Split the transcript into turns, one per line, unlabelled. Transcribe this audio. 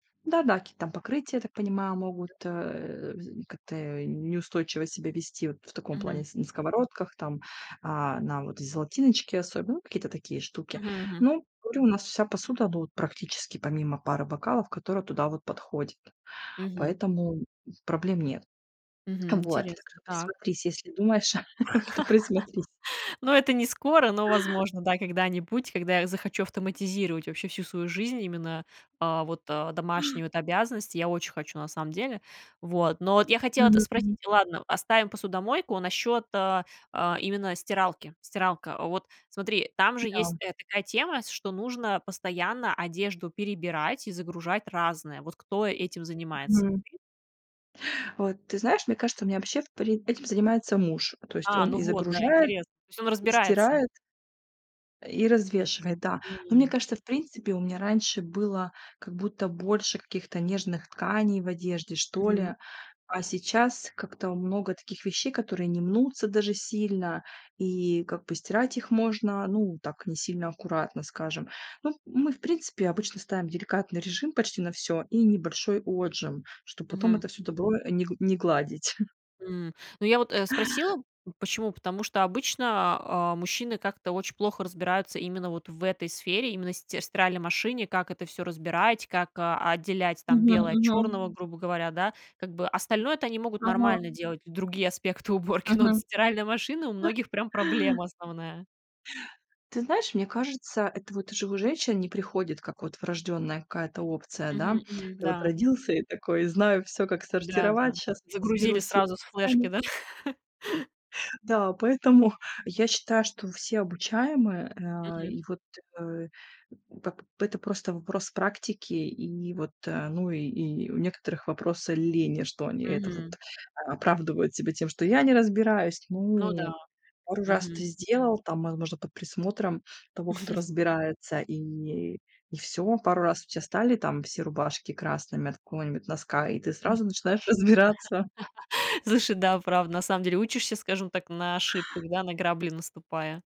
Да-да, какие-то там покрытия, я так понимаю, могут, э, вз как-то неустойчиво себя вести вот в таком плане
Мгм.
с на сковородках, там, а, на вот золотиночке особенно, ну, какие-то такие штуки.
Мгм, мгм.
Ну, говорю, у нас вся посуда, ну, вот практически помимо пары бокалов, которые туда вот подходят,
Мгм.
поэтому проблем нет.
Мгм,
Вот,
интересно так.
присмотрись, если думаешь, то присмотрись.
Ну, это не скоро, но, возможно, да, когда-нибудь, когда я захочу автоматизировать вообще всю свою жизнь, именно, а, вот, а, домашние вот обязанности. Я очень хочу на самом деле. Вот, но вот я хотела это
Мгм,
спросить.
мгм.
Ладно, оставим посудомойку. Насчёт, а а, именно стиралки. Стиралка. Вот, смотри, там
М
же есть,
да.
э, такая тема, с что нужно постоянно одежду перебирать и загружать разное. Вот, кто этим занимается?
Мгм. Вот ты знаешь, мне кажется, у меня вообще в при этим занимается муж, то есть
А,
он
ну
и
вот, да,
загружает,
интересно. То есть он
и
разбирается.
стирает и развешивает, да. Но мне
М.
кажется, в принципе, у меня раньше было как будто больше каких-то нежных тканей в одежде, что
Мгм.
ли, а сейчас как-то много таких вещей, которые не мнутся даже сильно, и как бы стирать их можно, ну, так не сильно аккуратно, скажем. Ну, мы в принципе обычно ставим деликатный режим почти на всё и небольшой отжим, чтобы потом
Мгм.
это всё добро не не гладить.
М, ну, я вот, э, спросила почему? Потому что обычно, а, мужчины как-то очень плохо разбираются именно вот в этой сфере, именно стир в стиральной машине, как это всё разбирать, как, а, отделять там
Мгм,
белое от
мгм.
чёрного, грубо говоря, да, как бы остальное-то они могут
Ага.
нормально делать и другие аспекты уборки. Но вот
Мгм.
стиральная машина у многих прям проблема основная.
Ты знаешь, мне кажется, это вот уже у женщин не приходит, как вот врождённая какая-то опция, да.
Мгм, мгм,
Ты вот
да.
родился и такой, знаю всё, как
Да,
сортировать,
да.
щас
Загрузили
разберусь с е
сразу с флешки,
руками.
да?
Да, поэтому я считаю, что все обучаемые, а,
Мгм.
и вот, э, пап это просто вопрос практики, и вот, э, ну, и и у некоторых вопросы лени, что они это вот,
Мгм.
а, оправдывают себя тем, что я не разбираюсь.
Ну да,
Ну, пару раз ты
мгм.
сделал, там, возможно, под присмотром того, кто разбирается, и и всё. Пару раз у тебя стали там все рубашки красными от какого-нибудь носка, и ты
М.
сразу начинаешь разбираться.
Слушай, да, правда, на самом деле учишься, скажем так, на ошибках, да, на грабли наступая.